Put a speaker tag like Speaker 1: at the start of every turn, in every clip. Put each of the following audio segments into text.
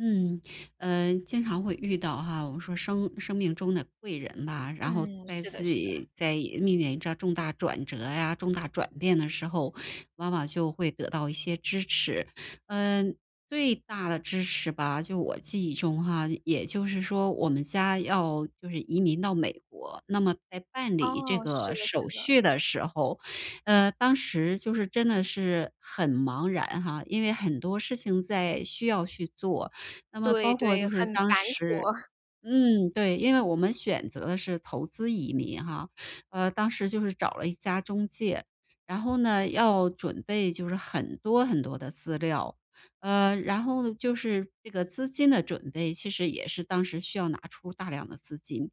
Speaker 1: 嗯，呃，经常会遇到哈，我们说生生命中的贵人吧，然后
Speaker 2: 嗯，
Speaker 1: 在
Speaker 2: 是
Speaker 1: 自
Speaker 2: 的是的。
Speaker 1: 己在面临着重大转折呀，重大转变的时候，往往就会得到一些支持。嗯，最大的支持吧，就我记忆中哈，也就是说我们家要就是移民到美国，那么在办理这
Speaker 2: 哦，是
Speaker 1: 个
Speaker 2: 的是
Speaker 1: 手
Speaker 2: 的。
Speaker 1: 续的时候，呃，当时就是真的是很茫然哈。因为很多事情在需要去做。那么
Speaker 2: 对
Speaker 1: 包括
Speaker 2: 对，
Speaker 1: 就是
Speaker 2: 很
Speaker 1: 当
Speaker 2: 繁
Speaker 1: 时
Speaker 2: 琐。
Speaker 1: 嗯，对，因为我们选择的是投资移民哈。呃，当时就是找了一家中介，然后呢，要准备就是很多很多的资料。呃，然后就是这个资金的准备，其实也是当时需要拿出大量的资金，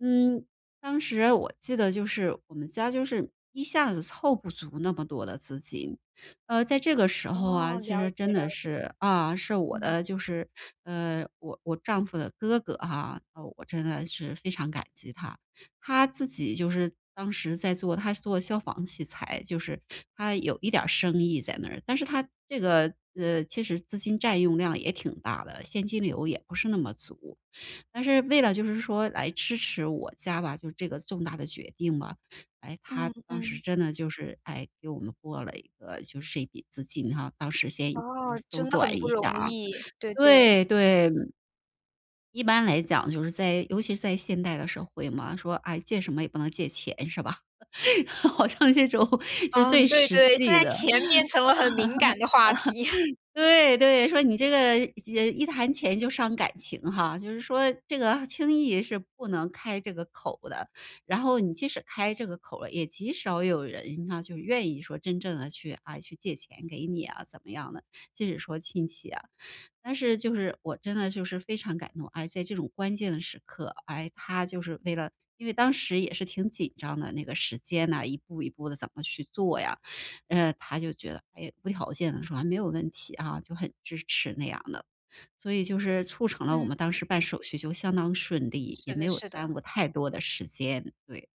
Speaker 1: 嗯，当时我记得就是我们家就是一下子凑不足那么多的资金。呃，在这个时候啊，
Speaker 2: 哦，
Speaker 1: 其
Speaker 2: 了
Speaker 1: 实
Speaker 2: 解
Speaker 1: 真
Speaker 2: 了
Speaker 1: 的
Speaker 2: 解。
Speaker 1: 是，啊，是我
Speaker 2: 嗯。
Speaker 1: 的就是呃，我我丈夫的哥哥啊，啊，我真的是非常感激他。他自己就是当时在做他是做消防器材，就是他有一点儿生意在那儿。但是他这个呃，其实资金占用量也挺大的，现金流也不是那么足。但是为了就是说来支持我家吧，就这个重大的决定吧。诶，他
Speaker 2: 嗯
Speaker 1: 当时
Speaker 2: 嗯。
Speaker 1: 真的就是，哎，给我们拨了一个就是这一笔资金啊，当时先就
Speaker 2: 哦，
Speaker 1: 是周
Speaker 2: 真的
Speaker 1: 转
Speaker 2: 很
Speaker 1: 一
Speaker 2: 不
Speaker 1: 下
Speaker 2: 容
Speaker 1: 啊，
Speaker 2: 易，对对。
Speaker 1: 对对。一般来讲就是在尤其是在现代的社会嘛，说，诶，借什么也不能借钱是吧，好像这种是
Speaker 2: 哦，
Speaker 1: 最
Speaker 2: 对
Speaker 1: 实
Speaker 2: 对，现
Speaker 1: 际
Speaker 2: 在
Speaker 1: 的。
Speaker 2: 钱变成了很敏感的话题。
Speaker 1: 对对，说你这个一借一谈钱就伤感情哈，就是说这个轻易是不能开这个口的。然后你即使开这个口了也极少有人呢，就愿意说真正地去啊，去借钱给你啊，怎么样的，即使说亲戚啊。但是就是我真的就是非常感动，哎，在这种关键的时刻，哎，他就是为了因为当时也是挺紧张的，那个时间呐，一步一步地怎么去做呀，嗯，他就觉得，哎，无条件的说：“啊，没有问题啊。”就很支持那样的。所以就是促成了我
Speaker 2: 嗯，
Speaker 1: 们当
Speaker 2: 对。
Speaker 1: 时办手续就相当顺利，
Speaker 2: 是
Speaker 1: 也没
Speaker 2: 的
Speaker 1: 有
Speaker 2: 是的。
Speaker 1: 耽误太多的时间，对。